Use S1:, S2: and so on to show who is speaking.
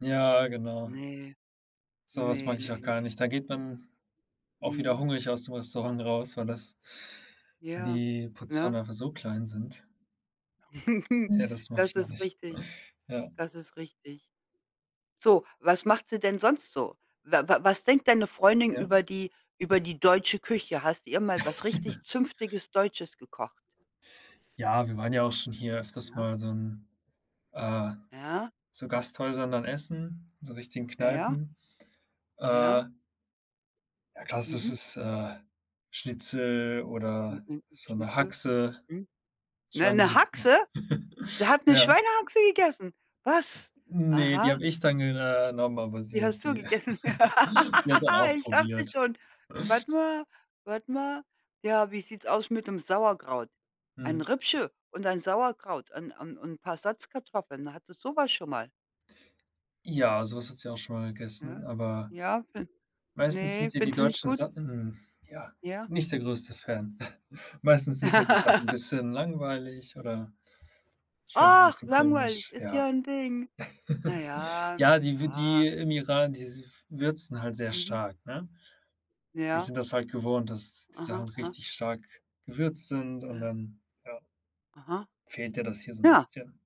S1: Ja, genau.
S2: Ne,
S1: Sowas
S2: ne,
S1: mag ich auch
S2: ne,
S1: gar
S2: ne.
S1: nicht. Da geht man auch wieder
S2: Mhm.
S1: hungrig aus dem Restaurant raus, weil das weil
S2: Ja,
S1: die
S2: ne?
S1: Portionen einfach so klein sind. Ja, das mache
S2: Das
S1: ich noch
S2: ist
S1: nicht.
S2: richtig,
S1: Ja.
S2: das ist richtig. So, was macht sie denn sonst so? Wa wa was denkt deine Freundin
S1: Ja.
S2: über die über die deutsche Küche? Hast ihr mal was richtig zünftiges, Deutsches gekocht?
S1: Ja, wir waren ja auch schon hier öfters
S2: Ja.
S1: mal so in äh,
S2: Ja.
S1: so Gasthäusern dann essen, so richtigen
S2: Ja, ja.
S1: Kneipen. Äh
S2: Ja.
S1: Ja,
S2: Mhm.
S1: klassisches, äh, Schnitzel oder
S2: [unintelligible]
S1: so 'ne
S2: Schnitzel.
S1: Haxe,
S2: Mhm. 'Ne 'ne
S1: Schweinehaxe.
S2: Haxe? Sie hat 'ne
S1: Ja.
S2: Schweinehaxe gegessen. Was?
S1: Ne, die hab
S2: Aha.
S1: ich dann gen äh, nommen, aber sie
S2: Die hast du
S1: die
S2: gegessen.
S1: sie hat dann auch
S2: Ich dachte
S1: probiert.
S2: schon. Warte mal warte mal. Ja, wie sieht's aus mit'm Sauerkraut? Ein
S1: Mhm.
S2: Rippchen und ein Sauerkraut und und und paar 'n Salzkartoffeln. Hat sie sowas schon mal?
S1: Ja, so was hat sie auch schon mal gegessen,
S2: Ja.
S1: aber
S2: Ja, [unintelligible]
S1: meistens
S2: ne,
S1: sind ihr die
S2: findet sie nicht
S1: deutschen
S2: gut?
S1: Sachen ja,
S2: Ja.
S1: nicht der größte Fan. Meistens sind ja die Sachen 'n bisschen langweilig oder schmecken 'n
S2: Ach,
S1: bisschen
S2: langweilig,
S1: komisch.
S2: ist
S1: Ja.
S2: ja 'n Ding. Na ja,
S1: Ja,
S2: na
S1: die w
S2: ja.
S1: die im Iran, die s w würzen halt sehr
S2: Mhm.
S1: stark, ne? Die
S2: Ja.
S1: sind das halt gewohnt, dass die
S2: Aha,
S1: Sachen
S2: aha.
S1: richtig stark gewürzt sind und
S2: Äh.
S1: dann, ja
S2: Aha.
S1: fehlt der das hier so 'n
S2: Ja.
S1: bisschen.